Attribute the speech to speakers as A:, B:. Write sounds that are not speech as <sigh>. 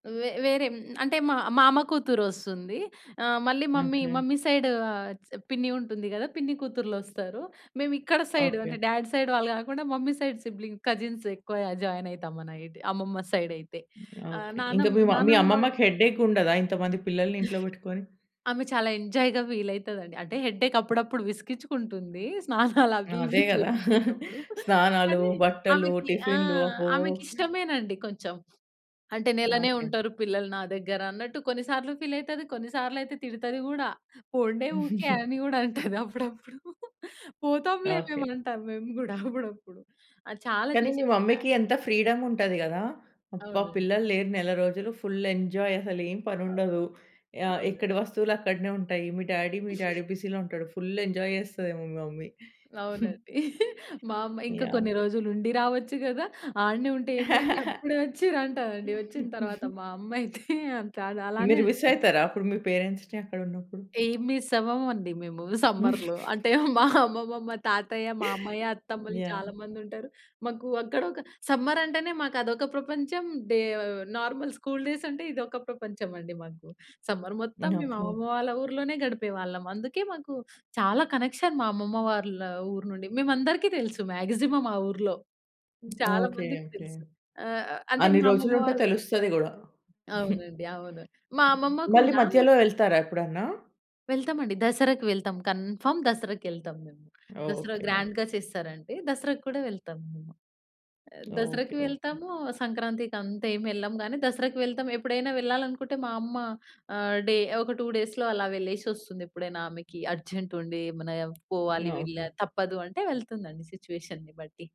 A: వే వేరే హ్మ్, అంటే మా మామ కూతురోస్తుంది. ఆ! మళ్ళీ మమ్మీ
B: ఓకే.
A: మమ్మీ సైడు ఆహ్, చ్ పిన్ని ఉంటుంది గదా! పిన్ని కూతుర్లొస్తారు. మేము ఇక్కడ సైడు అంటే,
B: ఓకే.
A: డాడ్ సైడ్ వాళ్ళు కాకుండా మమ్మీ సైడ్ సిబ్లింగ్‌ కజిన్‌స్ ఎక్కువ జాయినైతాం మనైతే. అమ్మమ్మ సైడైతే. ఆ!
B: ఓకే. ఇంక
A: నాన్నమ్మ
B: మీ మమ్మీ
A: నాన్నమ్మ
B: అమ్మమ్మకి హెడే‌కుండదా? ఇంత మంది పిల్లల్ని ఇంట్లో
A: <chuckles>
B: పెట్టుకొని?
A: ఆమె చాలా ఎంజాయ్‌గా ఫీలైతదండి. అంటే హెడేక్ అప్పుడప్పుడు విసికిచ్చుకుంటుంది స్నానాలవి
B: అదే
A: ఇవి
B: కదా! <chuckles>
A: చెప్పిచ్చేటప్పుడు.
B: స్నానాలు,
A: కానీ,
B: బట్టలు,
A: ఆమెకి ఆ!
B: టిఫిన్లు అబ్బో!
A: ఆమెకిష్టమేనండి కొంచెం. అంటే, "నెలనే
B: ఓకే.
A: ఉంటారు పిల్లలు నా దగ్గర" అన్నట్టు, కొన్ని సార్లు ఫీలైతది, కొన్నిసార్లు అయితే తిడతది గూడా. "పొండే ఊకే"
B: <giggles>
A: అని గూడా అంటది అప్పుడప్పుడు. పోతాంలే మేము
B: ఓకే.
A: అంటాం మేము గూడా అప్పుడప్పుడు. ఆ! చాలా
B: కానీ, మీ
A: చేసే అ
B: మమ్మీ‌కి ఎంత ఫ్రీడముంటది గదా! అబ్బా!
A: అవునండి.
B: పిల్లలు లేరు నెల రోజులు ఫుల్ ఎంజాయ్ అసలేం
A: అవ్
B: పనుండదు. ఆహ్,
A: అవునండి.
B: ఎక్కడి వస్తువులు అక్కడనే ఉంటాయి. మీ డ్యాడీ మీ
A: <giggles>
B: డ్యాడీ బిజీలో ఉంటాడు. ఫుల్ ఎంజాయ్ చేస్తదేమో మీ మమ్మీ. <chuckles>
A: అవునండి. మా అమ్మ "ఇంక
B: యాహ్!
A: కొన్ని రోజులుండి రావచ్చు గదా! ఆడనే ఉంటే ఏమైంది.
B: <laughs>
A: అప్పుడే వచ్చిరంటా" అండి ఓచ్చిన తర్వాత
B: <giggles>
A: మా అమ్మయితే. అంతే అది అలానే
B: మీరు
A: అంటాది.
B: మిస్సయితారా అప్పుడు మీ పేరెంట్స్‌ని అక్కడున్నప్పుడు?
A: ఏం మిస్సవ్వమండి మేము
B: <giggles>
A: సమ్మర్‌లో. అంటే మా అమ్మమ్మ, మా తాతయ్య, మామయ్య, అత్తమ్మలు చాలా
B: యాహ్!
A: మందుంటారు. మాకు అక్కడ ఒక సమ్మర్ అంటేనే మాకదొక ప్రపంచం డే నార్మల్ స్కూలు డేసంటే ఇదొక ప్రపంచమండి మాకు. సమ్మర్ మొత్తం మేము
B: ఓకే.
A: అమ్మమ్మ వాళ్ళ ఊరిలోనే గడిపేవాళ్ళం. అందుకే మాకు చాలా కనెక్షన్ మా అమ్మమ్మ వాళ్ళ ఊరునుండి. మేమందరికి తెలుసు మాక్సిమం ఆ ఊరులో. హ్మ్. చాలా
B: ఓకే.
A: మందికి
B: ఓకే.
A: తెలుసు. ఆహ్, అంటే
B: అన్ని
A: మా అమ్మమ్మ
B: రోజులుంటే
A: వాళ్ళు
B: తెలుస్తది గూడా. <chuckles> హ్మ్.
A: అవునండి. అవును. మా అమ్మమ్మ
B: మళ్ళి
A: కూడా మ
B: మధ్యలో ఎళ్తారా ఎప్పుడన్న?
A: వెళ్తామండి. దసరాకి వెళ్తాం కన్ఫర్మ్ దసరాకేళ్తాం మేము.
B: ఓకే.
A: దసరా
B: ఓకే.
A: గ్రాండ్‌గా చేస్తారంటే దసరా కూడా వెళ్తాం మేము. ఆ! దసరాకి
B: ఓకే. ఓకే.
A: వెళ్తాము, సంక్రాంతి అంతేమి ఎల్లం గానీ, దసరాకి వెళ్తాం ఎప్పుడైనా వెళ్ళాలనుకుంటే మా అమ్మ ఆహ్, డే ఒక 2 డేస్‌లో అలా వెళ్లేసొస్తుందెప్పుడైనా ఆమెకి అర్జెంట్ ఉండి, ఏమైనా పోవాలి వెళ్ళా
B: ఓకే.
A: తప్పదు అంటే వెళ్తుందండి సిట్యుయేషన్‌ని బట్టి.